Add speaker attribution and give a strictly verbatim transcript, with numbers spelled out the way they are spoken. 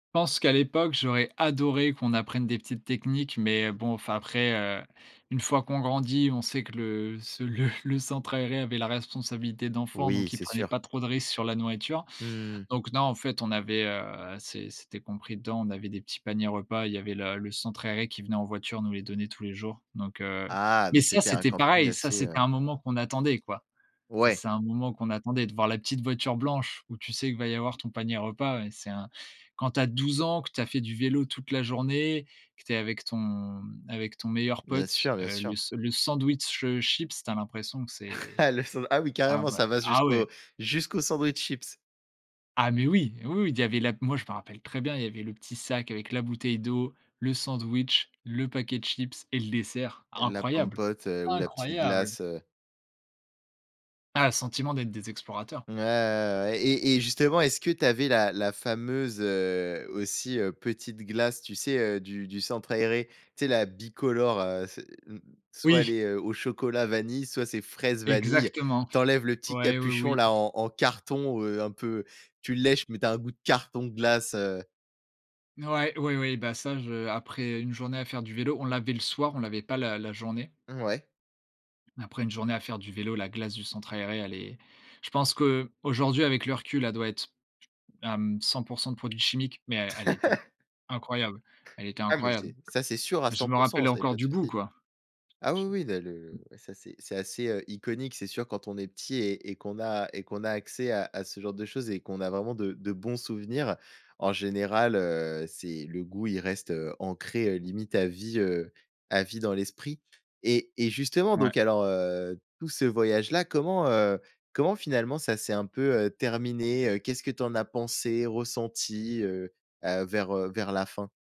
Speaker 1: Pense qu'à l'époque, j'aurais adoré qu'on apprenne des petites techniques. Mais bon, enfin, après, heu, une fois qu'on grandit, on sait que le ce le le centre aéré avait la responsabilité d'enfants,
Speaker 2: Oui,
Speaker 1: donc il
Speaker 2: c'est
Speaker 1: prenait
Speaker 2: sûr.
Speaker 1: pas trop de risques sur la nourriture.
Speaker 2: Mmh.
Speaker 1: Donc, non, en fait, on avait, heu c'est c'était compris dedans, on avait des petits paniers repas, il y avait le le centre aéré qui venait en voiture, nous les donner tous les jours. Donc, heu
Speaker 2: Ah,
Speaker 1: mais
Speaker 2: donc,
Speaker 1: ça,
Speaker 2: c'était un
Speaker 1: c'était
Speaker 2: camping
Speaker 1: pareil. Ça,
Speaker 2: assez,
Speaker 1: c'était
Speaker 2: heu
Speaker 1: un moment qu'on attendait, quoi. Ça
Speaker 2: Ouais.
Speaker 1: c'est un moment qu'on attendait, de voir la petite voiture blanche, où tu sais que va y avoir ton panier repas. Ouais, c'est un quand tu as douze ans, que tu as fait du vélo toute la journée, que tu es avec ton avec ton meilleur
Speaker 2: Bien
Speaker 1: pote,
Speaker 2: sûr, bien
Speaker 1: heu, le
Speaker 2: sûr.
Speaker 1: s le sandwich, heu, chips, tu as l'impression que c'est
Speaker 2: Ah le san ah oui,
Speaker 1: enfin
Speaker 2: carrément
Speaker 1: voilà.
Speaker 2: ça va
Speaker 1: Ah ouais.
Speaker 2: jusqu'au jusqu'au sandwich chips.
Speaker 1: Ah, mais oui! Oui, oui. Il y avait la moi je me rappelle très bien, il y avait le petit sac avec la bouteille d'eau, le sandwich, le paquet de chips et le dessert.
Speaker 2: La
Speaker 1: Incroyable.
Speaker 2: Pom'Potes, heu, ou la petite
Speaker 1: Incroyable!
Speaker 2: glace, heu.
Speaker 1: Ah, le sentiment d'être des explorateurs.
Speaker 2: Mouais, ouais, ouais, ouais. Et et justement, est-ce que tu avais la la fameuse, heu, aussi, heu, petite glace, tu sais, heu, du du centre aéré? Tu sais, la bicolore, heu, c'est mmh, soit elle
Speaker 1: Oui.
Speaker 2: est, heu, au chocolat vanille, soit c'est fraise vanille.
Speaker 1: Exactement.
Speaker 2: Tu enlèves le petit
Speaker 1: Ouais, oui,
Speaker 2: capuchon,
Speaker 1: oui.
Speaker 2: là, en en carton, heu, un peu, tu lèches, mais tu as un goût de carton glace, heu.
Speaker 1: N ouais, ouais, ouais, bah ça, je après une journée à faire du vélo, on l'avait le soir, on l'avait pas la la journée.
Speaker 2: Mouais.
Speaker 1: Après une journée à faire du vélo, la glace du centre aéré, elle est je pense qu'aujourd'hui, avec le recul, elle doit être, hem, cent pour cent de produits chimiques, mais elle était incroyable, elle était
Speaker 2: Ah mais,
Speaker 1: incroyable.
Speaker 2: c'est ça c'est sûr à
Speaker 1: Je
Speaker 2: cent
Speaker 1: me
Speaker 2: pour cent,
Speaker 1: rappelle
Speaker 2: ça, il y a
Speaker 1: encore
Speaker 2: pas de
Speaker 1: du goût,
Speaker 2: souci.
Speaker 1: quoi.
Speaker 2: Ah oui,
Speaker 1: J
Speaker 2: oui, là,
Speaker 1: je
Speaker 2: le ouais ça, c'est c'est assez, heu, iconique, c'est sûr quand on est petit et et qu'on a et qu'on a accès à à ce genre de choses et qu'on a vraiment de de bons souvenirs. En général, heu, c'est le goût, il reste, heu, ancré, heu, limite à vie, heu, à vie dans l'esprit. Et et, justement,
Speaker 1: Ouais.
Speaker 2: donc alors, heu, tout ce voyage là, comment, heu, comment, finalement, ça s'est un peu, heu, terminé? Heu, qu'est-ce que tu en as pensé, ressenti, heu, bah, vers, heu, vers la fin?